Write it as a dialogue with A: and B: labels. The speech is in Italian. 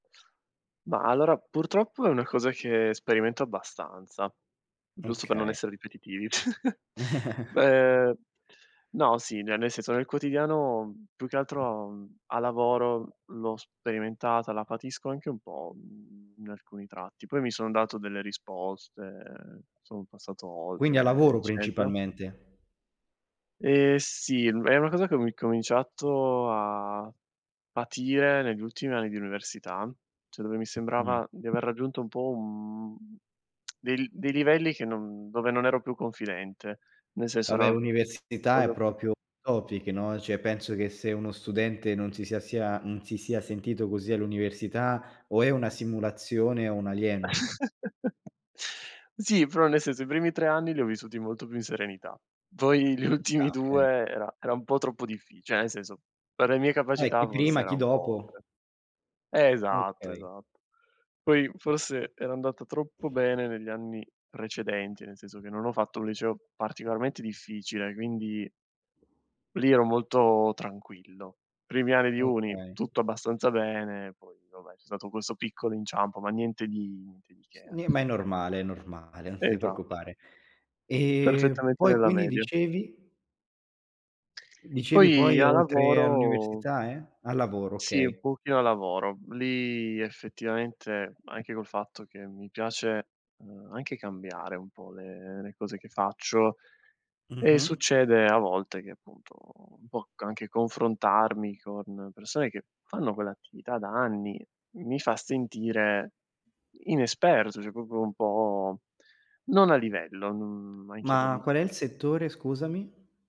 A: Ma allora, purtroppo è una cosa che sperimento abbastanza, giusto per non
B: Okay.
A: essere ripetitivi. Beh, no sì, ne nel senso nel quotidiano, mhmm, più che altro, mhmm, a lavoro l'ho sperimentata, la patisco anche un po', mhmm, in alcuni tratti. Poi mi sono dato delle risposte, sono passato
B: Quindi a
A: oltre,
B: lavoro
A: eccetera.
B: principalmente?
A: Ehm, sì, è una cosa che ho i incominciato a patire negli ultimi anni di università, cioè dove mi
B: Mh.
A: sembrava di aver raggiunto un po', uhm, dei li dei livelli che non dove non ero più confidente. Nel senso,
B: Vabbè
A: era
B: università, è
A: [unintelligible]
B: proprio un topic, no, cioè penso che se uno studente non si sia sia non si sia sentito così all'università o è una simulazione, o un alieno.
A: Sì, però nel senso, i primi 3 anni li ho vissuti molto più in serenità. Poi gli
B: Ci sta,
A: ultimi 2
B: okay.
A: era era un po' troppo difficile, cioè nel senso, per le mie
B: Poi
A: capacità
B: chi
A: forse
B: prima,
A: era
B: chi
A: un po'
B: dopo.
A: oltre. Esatto,
B: Okay.
A: esatto. Poi forse era andata troppo bene negli anni precedenti, nel senso che non ho fatto un liceo particolarmente difficile, quindi lì ero molto tranquillo. Primi anni di uni,
B: Okay.
A: tutto abbastanza bene, poi vabbè c'è stato questo piccolo inciampo, ma niente di niente di che
B: S
A: alla
B: ne ma è
A: fine.
B: normale, è normale, non ti
A: Esatto.
B: preoccupare. Ehm,
A: Perfettamente
B: poi
A: nella
B: quindi
A: media.
B: dicevi? Dicevi
A: Poi
B: poi
A: a
B: oltre
A: lavoro
B: all'università, e? A lavoro,
A: Sì, un
B: okay.
A: pochino a lavoro. Lì effettivamente anche col fatto che mi piace, ehm, anche cambiare un po' le le cose che faccio, e
B: Mh-mh.
A: succede a volte che appunto un po' c anche confrontarmi con persone che fanno quell'attività da anni mi fa sentire, inesperto, cioè proprio un po' non a livello, non, mhmm, ma anche da
B: Ma qual è il settore scusami?